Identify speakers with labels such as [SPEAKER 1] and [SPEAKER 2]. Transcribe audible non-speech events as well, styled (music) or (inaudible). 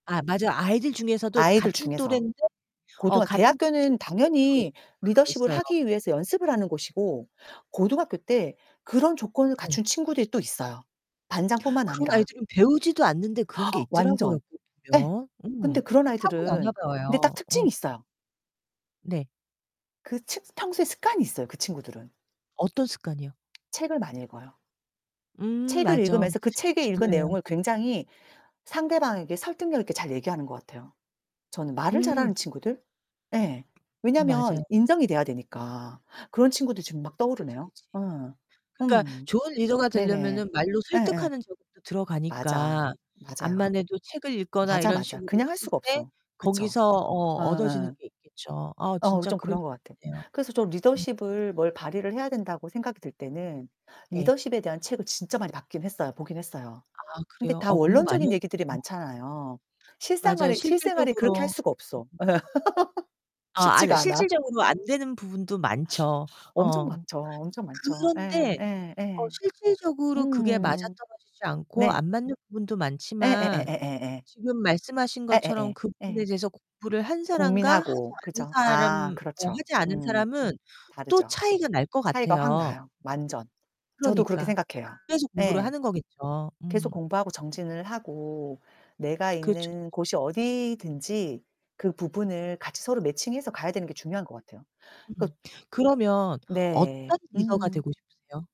[SPEAKER 1] 아 맞아. 아이들 중에서도
[SPEAKER 2] 아이들
[SPEAKER 1] 같은
[SPEAKER 2] 중에서.
[SPEAKER 1] 또랜데 어
[SPEAKER 2] 고등학
[SPEAKER 1] 같은
[SPEAKER 2] 대학교는
[SPEAKER 1] 친구인데도
[SPEAKER 2] 당연히
[SPEAKER 1] 그런 게
[SPEAKER 2] 리더십을
[SPEAKER 1] 있어요.
[SPEAKER 2] 하기 위해서 연습을 하는 곳이고 고등학교 때 그런 조건을
[SPEAKER 1] 네.
[SPEAKER 2] 갖춘 친구들이 또 있어요, 반장 뿐만
[SPEAKER 1] 그런
[SPEAKER 2] 아니라.
[SPEAKER 1] 아이들은 배우지도 않는데 그런 게
[SPEAKER 2] (gasps)
[SPEAKER 1] 있더라구요
[SPEAKER 2] 완전. 예.
[SPEAKER 1] 보면.
[SPEAKER 2] 근데
[SPEAKER 1] 음.
[SPEAKER 2] 그런 아이들은
[SPEAKER 1] 타고나나
[SPEAKER 2] 근데 딱
[SPEAKER 1] 봐요. 음.
[SPEAKER 2] 특징이 있어요.
[SPEAKER 1] 네.
[SPEAKER 2] 그 측 평소에 습관이 있어요, 그 친구들은.
[SPEAKER 1] 어떤 습관이요?
[SPEAKER 2] 책을 많이 읽어요.
[SPEAKER 1] 음
[SPEAKER 2] 책을
[SPEAKER 1] 맞어.
[SPEAKER 2] 읽으면서 그
[SPEAKER 1] 책은
[SPEAKER 2] 책에 읽은
[SPEAKER 1] 중요해요.
[SPEAKER 2] 내용을 굉장히 상대방에게 설득력 있게 잘 얘기하는 것 같아요. 저는 말을
[SPEAKER 1] 음.
[SPEAKER 2] 잘하는 친구들? 예. 왜냐하면
[SPEAKER 1] 맞아요.
[SPEAKER 2] 인정이 돼야 되니까. 그런 친구들 지금 막
[SPEAKER 1] 그치,
[SPEAKER 2] 떠오르네요.
[SPEAKER 1] 그치.
[SPEAKER 2] 예.
[SPEAKER 1] 그러니까
[SPEAKER 2] 음.
[SPEAKER 1] 좋은 리더가
[SPEAKER 2] 네네.
[SPEAKER 1] 되려면은 말로
[SPEAKER 2] 예예.
[SPEAKER 1] 설득하는 저기도
[SPEAKER 2] 맞아.
[SPEAKER 1] 들어가니까
[SPEAKER 2] 맞아요.
[SPEAKER 1] 암만해도 책을 읽거나
[SPEAKER 2] 맞아,
[SPEAKER 1] 이런
[SPEAKER 2] 맞아
[SPEAKER 1] 식으로
[SPEAKER 2] 그냥 할
[SPEAKER 1] 했을
[SPEAKER 2] 수가
[SPEAKER 1] 때
[SPEAKER 2] 없어. 그쵸?
[SPEAKER 1] 거기서 어 얻어지는
[SPEAKER 2] 어예.
[SPEAKER 1] 게 있겠죠. 아
[SPEAKER 2] 어
[SPEAKER 1] 진짜
[SPEAKER 2] 좀
[SPEAKER 1] 그럴 수
[SPEAKER 2] 그런 것 같아.
[SPEAKER 1] 있네요.
[SPEAKER 2] 그래서 좀
[SPEAKER 1] 음.
[SPEAKER 2] 리더십을 뭘 발휘를 해야 된다고 생각이 들 때는
[SPEAKER 1] 네.
[SPEAKER 2] 리더십에 대한 책을 진짜 많이 봤긴 했어요 보긴 했어요.
[SPEAKER 1] 아
[SPEAKER 2] 근데
[SPEAKER 1] 그래요?
[SPEAKER 2] 다
[SPEAKER 1] 공부 많이
[SPEAKER 2] 원론적인 얘기들이
[SPEAKER 1] 하셨네요.
[SPEAKER 2] 많잖아요.
[SPEAKER 1] 맞아요.
[SPEAKER 2] 실생활에, 실생활에 그렇게 할
[SPEAKER 1] 실질적으로
[SPEAKER 2] 수가 없어. (laughs)
[SPEAKER 1] 아, 아 이 드
[SPEAKER 2] 쉽지가 않아.
[SPEAKER 1] 실질적으로 안 되는 부분도 많죠.
[SPEAKER 2] 엄청
[SPEAKER 1] 어.
[SPEAKER 2] 많죠. 엄청 많죠. 예
[SPEAKER 1] 그런데
[SPEAKER 2] 예
[SPEAKER 1] 어
[SPEAKER 2] 예.
[SPEAKER 1] 실질적으로 그게 맞아
[SPEAKER 2] 음.
[SPEAKER 1] 떨어지지 않고
[SPEAKER 2] 네.
[SPEAKER 1] 안 맞는 부분도 많지만
[SPEAKER 2] 예예예예예예.
[SPEAKER 1] 지금 말씀하신 것처럼
[SPEAKER 2] 예예예.
[SPEAKER 1] 그 부분에
[SPEAKER 2] 예.
[SPEAKER 1] 대해서 공부를 한 사람과 하지
[SPEAKER 2] 고민하고
[SPEAKER 1] 않은
[SPEAKER 2] 그죠?
[SPEAKER 1] 사람
[SPEAKER 2] 아
[SPEAKER 1] 어
[SPEAKER 2] 그렇죠.
[SPEAKER 1] 하지 않은
[SPEAKER 2] 음.
[SPEAKER 1] 사람은 또
[SPEAKER 2] 다르죠.
[SPEAKER 1] 차이가 날 것
[SPEAKER 2] 차이가 확
[SPEAKER 1] 같아요.
[SPEAKER 2] 나요, 완전. 저도 그렇게
[SPEAKER 1] 그러니까.
[SPEAKER 2] 생각해요.
[SPEAKER 1] 그래서 공부를
[SPEAKER 2] 예.
[SPEAKER 1] 하는 거겠죠.
[SPEAKER 2] 계속
[SPEAKER 1] 음.
[SPEAKER 2] 공부하고 정진을 하고 내가
[SPEAKER 1] 그렇죠,
[SPEAKER 2] 있는
[SPEAKER 1] 그렇죠.
[SPEAKER 2] 곳이 어디든지 그 부분을 같이 서로 매칭해서 가야 되는 게 중요한 것 같아요. 그
[SPEAKER 1] 음 그러면
[SPEAKER 2] 네.
[SPEAKER 1] 어떤 리더가
[SPEAKER 2] 음.
[SPEAKER 1] 되고 싶으세요?